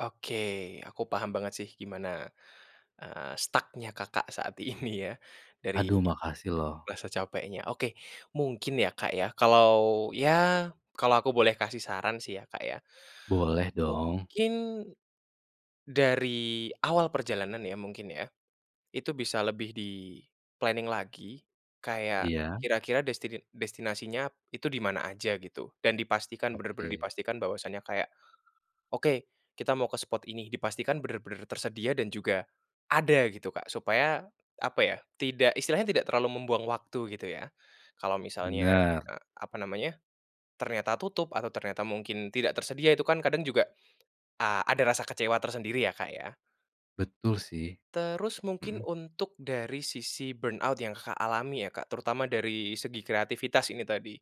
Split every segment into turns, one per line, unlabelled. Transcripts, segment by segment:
Oke. Aku paham banget sih gimana, eee, stuck-nya Kakak saat ini ya dari
Aduh, makasih loh.
rasa capeknya. Oke, mungkin ya, Kak, ya, kalau ya kalau aku boleh kasih saran sih ya, Kak, ya,
Boleh dong.
mungkin dari awal perjalanan ya mungkin ya, itu bisa lebih di-planning lagi kayak
Iya.
kira-kira destine destinasinya itu di mana aja gitu, dan dipastikan, bener-bener
Oke.
dipastikan bahwasanya kayak, oke, kita mau ke spot ini dipastikan bener-bener tersedia dan juga ada gitu Kak, supaya apa ya, tidak istilahnya tidak terlalu membuang waktu gitu ya. Kalau misalnya,
Bener.
eee, apa namanya ternyata tutup atau ternyata mungkin tidak tersedia itu kan kadang juga a ada rasa kecewa tersendiri ya, Kak, ya.
Betul sih.
Terus mungkin
Hmm.
untuk dari sisi burnout yang Kakak alami ya Kak, terutama dari segi kreativitas ini tadi.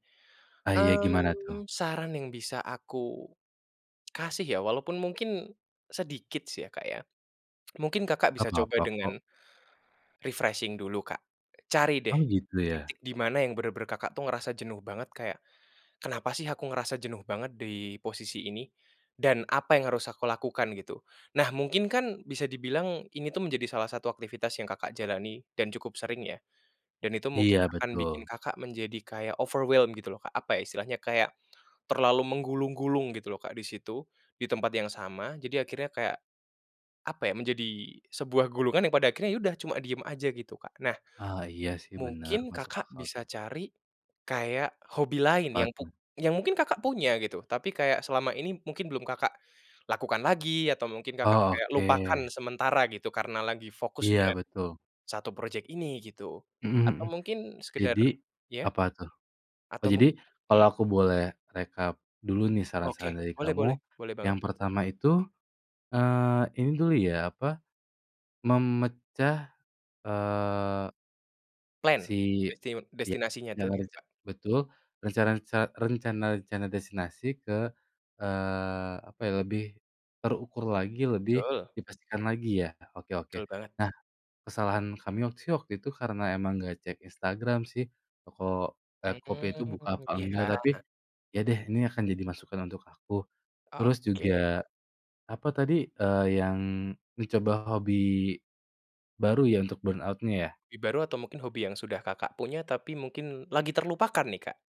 Ah, ya, gimana tuh?
Mmm, saran yang bisa aku kasih ya, walaupun mungkin sedikit ya, Kak, ya. Mungkin Kakak
Gak
bisa coba
papa kok.
dengan refreshing dulu Kak. Cari
Oh,
deh
gitu ya?
titik di mana yang bener-bener Kakak tuh ngerasa jenuh banget, kayak kenapa sih aku ngerasa jenuh banget di posisi ini, dan apa yang harus aku lakukan gitu. Nah, mungkin kan bisa dibilang ini tuh menjadi salah satu aktivitas yang Kakak jalani, dan cukup sering ya, dan itu mungkin
Iya,
akan bikin
betul.
Kakak menjadi kayak overwhelmed gitu loh Kak, apa ya istilahnya, kayak terlalu menggulung-gulung gitu loh Kak di situ, di tempat yang sama, jadi akhirnya kayak apa ya, menjadi sebuah gulungan yang pada akhirnya ya udah cuma diem aja gitu Kak. Nah,
Ah, iya, sih, bener.
mungkin
Masuk
Kakak
akal tuh.
bisa cari kayak hobi lain
Apa
yang pu
tuh?
yang mungkin Kakak punya gitu, tapi kayak selama ini mungkin belum Kakak lakukan lagi atau mungkin Kakak
Oh,
kayak lupakan
oke.
sementara gitu karena lagi fokus
Iya,
dengan
betul.
satu project ini gitu. Atau
Hmm hmm.
mungkin sekedar
Jadi,
ya?
apa tuh? Oh,
Atau mung
jadi kalau
hmm.
aku boleh rekap dulu nih saran-saran
Oke.
dari
Boleh boleh,
kamu.
boleh banget.
Yang pertama itu, eee, ini dulu ya, apa, memecah, eee
Plan.
si
Desti
iya,
destinasinya tadi itu Kak.
rencana-rencana betul, rencana reca rencana-rencana destinasi ke, eee, apa ya, lebih terukur lagi, lebih
Betul.
dipastikan lagi ya? Oke oke.
Betul banget.
Nah, kesalahan kami waktu sih waktu itu karena emang gak cek Instagram sih, toko eee, kopi itu buka
Mmm.
apa
Iya.
enggak. Tapi, ya deh ini akan jadi masukan untuk aku. Terus
Oke.
juga apa tadi, eee, yang dicoba hobi baru ya untuk burnout-nya ya?
Hobi baru atau mungkin hobi yang sudah Kakak punya tapi mungkin lagi terlupakan nih Kak.